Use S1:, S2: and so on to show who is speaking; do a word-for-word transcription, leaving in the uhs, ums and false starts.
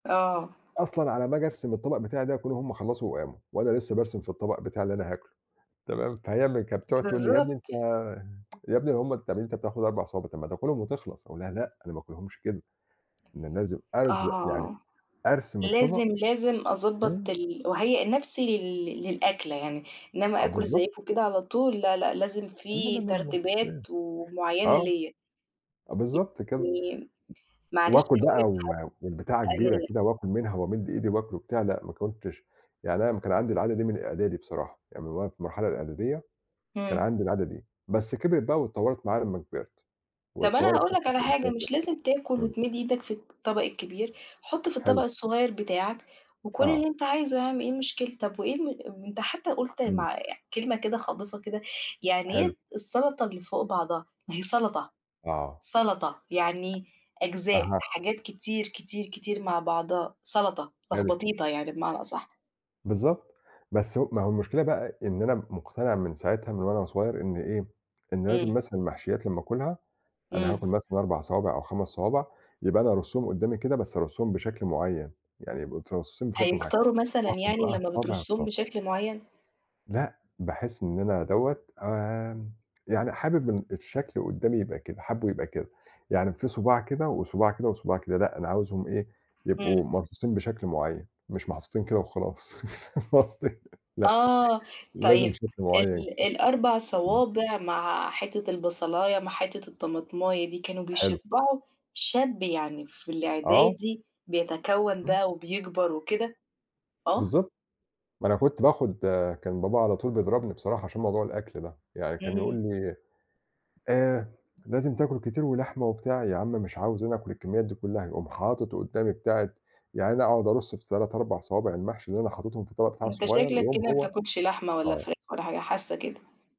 S1: آه.
S2: أصلًا على أمّا آجي أرسم الطبق بتاعي ده يكونوا هم خلّصوا وقاموا وأنا لسّه بارسم في الطبق بتاعي اللي أنا هاكله. تمام؟ فهي م كانت بتقعد تقول لي: "يا ابني أنت
S1: بالضبط.
S2: يا بني هم طَب أنت بتاخُد أربع صوابع، طَب ما تاكُلهم وتخلص." أقول لها: "لأ، أنا ما آكُلهمش كده. أنا لازم أرزق يعني
S1: آه.
S2: أرسم الطبق"
S1: لازم، لازم
S2: إمم.
S1: أضبّط ال وأهيّأ نَفْسي لل للأكلة يعني،
S2: آه،
S1: إنّما آكُل
S2: بالضبط.
S1: زيّكم كده على طول؟ لأ، لأ، لازم
S2: لا، لا،
S1: فيه
S2: لا، لا.
S1: ترتيبات
S2: [unintelligible]
S1: ومعيّنة
S2: آه،
S1: ليّا.
S2: أ بالضبط
S1: ي
S2: كده.
S1: نيم معلش
S2: وآكُل
S1: هاقول
S2: بقى
S1: لك حا
S2: و والبتاعة كبيرة
S1: [unintelligible]
S2: كده وآكُل منها وأمِد إيدي وآكُل وبتاع لأ، ما كنتش يعني أنا كان عندي العادة دي من إعدادي بصراحة. يعني من وقت المرحلة الإعدادية كان
S1: إمم.
S2: عندي العادة دي. بس كبرت بقى واتطوّرت معايا لمّا كبرت.
S1: طَب أنا
S2: واتطوّرت
S1: هاقول لك
S2: حتّى
S1: على
S2: في
S1: حاجة،
S2: [unintelligible] وبتاع.
S1: مش لازم تاكُل
S2: إمم.
S1: وتمِد إيدك في الطبق الكبير، حُط في الطبق
S2: حلو.
S1: الصغير بتاعك، وكُل
S2: آه.
S1: اللي أنت عايزه يا عَم، إيه المشكلة؟ طَب وإيه الم ام أنت حتّى قُلت
S2: إمم.
S1: مع كلمة كده خاضفة كده، يعني
S2: حلو.
S1: إيه السَلَطة اللي فوق بعضها؟ ما هي سَلَطة،
S2: آه.
S1: سَلَطة، يعني أجزاء،
S2: أها.
S1: حاجات كتير، كتير، كتير مع بعضها، سَلَطة،
S2: حلو.
S1: لخبطيطة يعني بمعنى أصح.
S2: بالضبط. بس ه ما هو المشكلة بقى إن أنا مٌقتنع من ساعتها من وأنا صغير إن إيه، إن لازم
S1: إمم.
S2: مثلًا المحشيّات لمّا آكُلها، أنا
S1: إمم.
S2: هاكُل مثلًا أربع صوابع أو خَمَس صوابع، يبقى أنا أرصّهم قُدّامي كده، بس أرصّمهم بشكل معيّن. يعني يبقى مترصّصين بشكل معيّن.
S1: هيكتروا مثلًا
S2: وآخُد
S1: يعني
S2: بقى
S1: لمّا
S2: صابع،
S1: بترصُّهم
S2: صابع.
S1: بشكل معيّن؟
S2: لأ، باحِس إن أنا دوّة، آآ يعني حابِب إن الشكل قُدّامي يبقى كده، حابّه يبقى كده. يعني فيه صُباع كده وصُباع كده وصباع كده لأ، أنا عاوزهم إيه،
S1: إمم.
S2: يبقوا مرصوصين بشكل معيّن، مش محطوطين كده وخلاص. فاهمة قصدي؟ لأ،
S1: آه.
S2: لازم
S1: طيب،
S2: شكل معيّن
S1: ال
S2: كده.
S1: الأربع
S2: إمم.
S1: صوابع مع حتّة البصلاية مع حتّة الطمطماية دي، كانوا
S2: حلو.
S1: بيشبّعوا شاب يعني في
S2: آه.
S1: الإعدادي بيتكوَّن
S2: إمم.
S1: بقى وبيكبر وكده؟ آه.
S2: بالضبط. ما أنا كنت باخُد كان بابا على طول بيضربني بصراحة عشان موضوع الأكل ده. يعني كان يقول
S1: إمم.
S2: لي: "آآ لازم تاكُل كتير ولحمة،" وبتاع. يا عَم مش عاوز أنا آكُل الكميّات دي كُلّها. يقوم حاطِط قُدّامي بتاعة يا عيني أقعد أرُص في تلات، أربع صوابع المحشي اللي أنا حاطِطهم في الطبق بتاعي
S1: أنت
S2: الصغير،
S1: شكلك
S2: يقوم
S1: كده ما
S2: هو
S1: بتاكُلش لحمة ولا
S2: آه.
S1: فراخ ولا حاجة، حاسّة كده.